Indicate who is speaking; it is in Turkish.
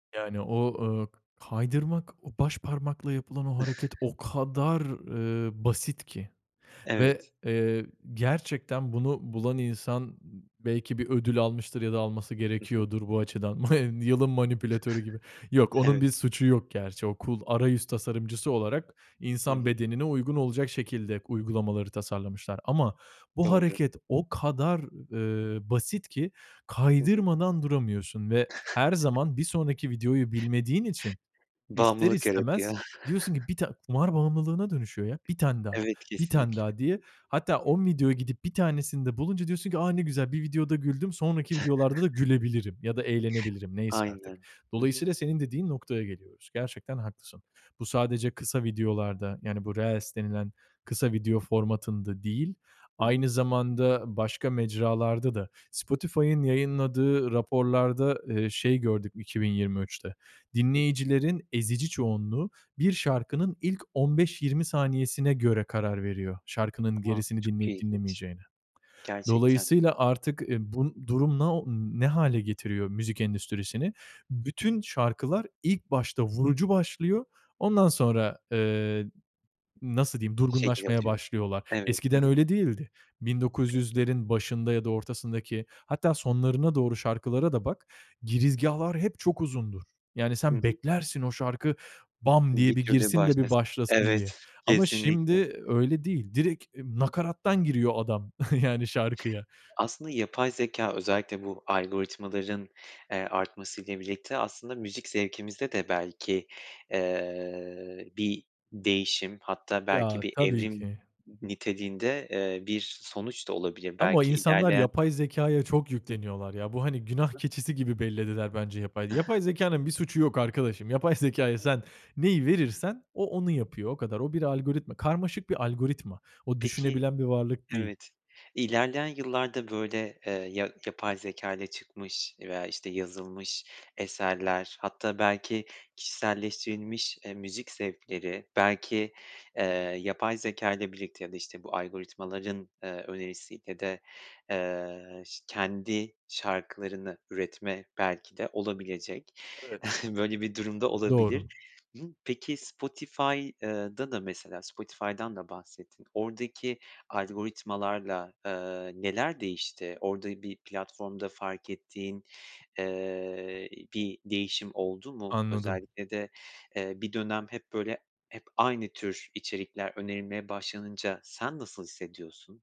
Speaker 1: Yani o, ııı, k kaydırmak, o başparmakla yapılan o hareket o kadar ııı, basit ki ve,
Speaker 2: Evet.
Speaker 1: eee, gerçekten bunu bulan insan n belki bir ödül almıştır ya da alması
Speaker 2: Hı hı.
Speaker 1: gerekiyordur bu açıdan. Ma Yılın manipülatörü gibi. Yok, onun
Speaker 2: Evet.
Speaker 1: bir suçu yok gerçi. O cool arayüz tasarımcısı olarak
Speaker 2: Hı
Speaker 1: insan
Speaker 2: hı.
Speaker 1: bedenine uygun olacak şekilde uygulamaları tasarlamışlar. Ama bu
Speaker 2: Doğru.
Speaker 1: hareket o kadar eee, basit ki
Speaker 2: Hı hı.
Speaker 1: kaydırmadan duramıyorsun ve her zaman bir sonraki videoyu bilmediğin için ister
Speaker 2: Bağımlılık yaratıyor.
Speaker 1: istemez diyorsun ki "1 tane" kumar bağımlılığına dönüşüyor ya, 1 tane daha,
Speaker 2: Evet,
Speaker 1: 1 tane
Speaker 2: kesinlikle.
Speaker 1: daha diye. Hatta 10 videoya gidip 1 tanesinde bulunca diyorsun ki, "A, ne güzel bir videoda güldüm sonraki videolarda da gülebilirim ya da eğlenebilirim." neyse artık.
Speaker 2: Aynen. Hı hı.
Speaker 1: Dolayısıyla senin dediğin noktaya geliyoruz. Gerçekten haklısın. Bu sadece kısa videolarda yani bu reels denilen kısa video formatında değil,
Speaker 2: Hı hı.
Speaker 1: aynı zamanda başka mecralarda da Spotify'ın yayınladığı raporlarda, eee, şey gördük 2023'te:
Speaker 2: Hı hı.
Speaker 1: Dinleyicilerin ezici çoğunluğu bir şarkının ilk 15-20 saniyesine göre karar veriyor şarkının
Speaker 2: A!
Speaker 1: gerisini
Speaker 2: Çok
Speaker 1: dinleyip
Speaker 2: ilginç.
Speaker 1: dinlemeyeceğine.
Speaker 2: Gerçekten.
Speaker 1: Dolayısıyla artık, ııı, bu durum no ne hâle getiriyor müzik endüstrisini? Bütün şarkılar ilk başta vurucu başlıyor, ondan sonra, eee, nasıl diyeyim
Speaker 2: Şekil
Speaker 1: durgunlaşmaya
Speaker 2: alıyor.
Speaker 1: başlıyorlar.
Speaker 2: Evet. Hı
Speaker 1: Eskiden
Speaker 2: hı.
Speaker 1: öyle değildi. Bin dokuz
Speaker 2: Peki.
Speaker 1: yüzlerin başında ya da ortasındaki hatta sonlarına doğru şarkılara da bak. Girizgâhlar hep çok uzundur. Yani
Speaker 2: Hı
Speaker 1: sen
Speaker 2: hı.
Speaker 1: beklersin o şarkı "bam"
Speaker 2: Bir
Speaker 1: diye bir
Speaker 2: türde
Speaker 1: girsin de bir
Speaker 2: başlasın.
Speaker 1: başlasın
Speaker 2: Evet,
Speaker 1: diye. Ama
Speaker 2: kesinlikle.
Speaker 1: şimdi öyle değil. Direkt, iii,
Speaker 2: Hı.
Speaker 1: nakarattan giriyor adam yani şarkıya.
Speaker 2: Aslında yapay zekâ özellikle bu algoritmaların, eee, artmasıyla birlikte aslında müzik zevkimizde de belki, eee, bir değişim hatta belki
Speaker 1: Ya
Speaker 2: bir
Speaker 1: tabii
Speaker 2: evrim
Speaker 1: ki.
Speaker 2: n niteliğinde, eee, bir sonuç da olabilir
Speaker 1: Ama
Speaker 2: belki
Speaker 1: insanlar
Speaker 2: ilerleyen
Speaker 1: yapay zekâya çok yükleniyorlar ya. Bu hani günah
Speaker 2: Hı hı. Hı hı.
Speaker 1: keçisi gibi bellediler bence yapay yapay zekânın bir suçu yok arkadaşım. Yapay zekâya sen neyi verirsen o onu yapıyor o kadar. O bir algoritma. Karmaşık bir algoritma. O
Speaker 2: Peki
Speaker 1: düşünebilen bir varlık değil.
Speaker 2: Evet, ilerleyen yıllarda böyle, eee, ya yapay zekâyla çıkmış veya, işte, yazılmış eserler hatta belki kişiselleştirilmiş, eee, müzik zevkleri belki, eee, yapay zekâyla birlikte ya da, işte, bu algoritmaların, eee, önerisiyle de, eee, şı kendi şarkılarını üretme belki de olabilecek.
Speaker 1: Evet.
Speaker 2: Böyle bir durum da olabilir.
Speaker 1: Doğru.
Speaker 2: Hı hı. Peki Spotify ııı, da da mesela Spotify'dan da bahsettin oradaki algoritmalarla, aaa, neler değişti? Orada bir platformda fark ettiğin, eee, ııı, bir değişim oldu mu?
Speaker 1: Anladım.
Speaker 2: Özellikle de, eee, bir dönem hep böyle hep aynı tür içerikler önerilmeye başlanınca sen nasıl hissediyorsun?